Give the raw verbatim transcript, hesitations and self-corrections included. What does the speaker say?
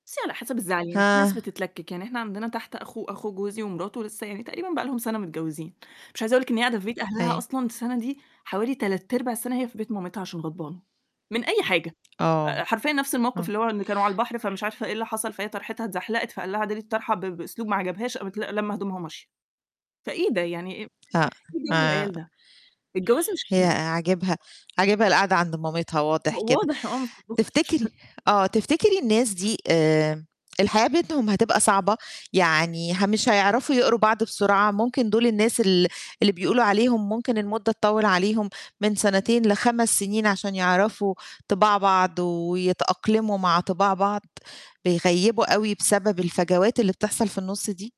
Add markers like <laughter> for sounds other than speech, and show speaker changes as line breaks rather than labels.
بُصّي على حسب الزعل، يعني في
هاه.
ناس بتتلكِك، يعني إحنا عندنا تحت أخو أخو جوزي ومراته، لسّه يعني تقريبًا بقى لهم سَنة متجوّزين، مش عايزة أقول لِك إن هي قاعدة في بيت أهلها
أيوه.
أصلًا السَنة دي حوالي تلات أرباع السَنة هي في بيت مامتها عشان غضبانة، من أي حاجة آآ
آه،
حرفيًا نفس الموقِف،
إمم.
اللي هو إن كانوا على البحر فمش عارفة إيه اللي حصل، فهي طرحِتها اتزحلقِت، فقال لها: "اعدلي الطرحة." ب بأسلوب ما عجبهاش، قامت ل لامة هدومها، وماشية. فإيه ده يعني إيه إيه جَو
ما
العيال ده؟ الجواز مش
هي
ك
عاجبها عاجبها القاعدة عند مامتها
و
واضح كده.
واضح، آه
تفتكري
<unintelligible>
آه، تفتكري الناس دي آمم الحياة بينهم هتبقى صعبة؟ يعني ه مش هيعرفوا يقروا بعض بسرعة، ممكن دُول الناس ال اللي بيقولوا عليهم ممكن المدّة تطوّل عليهم من سَنتين لخمس سِنين عشان يعرفوا طِباع بعض، ويتأقلموا مع طِباع بعض، بيغيّبوا أوي، بسبب الفجوات اللي بتحصل في النُص دي؟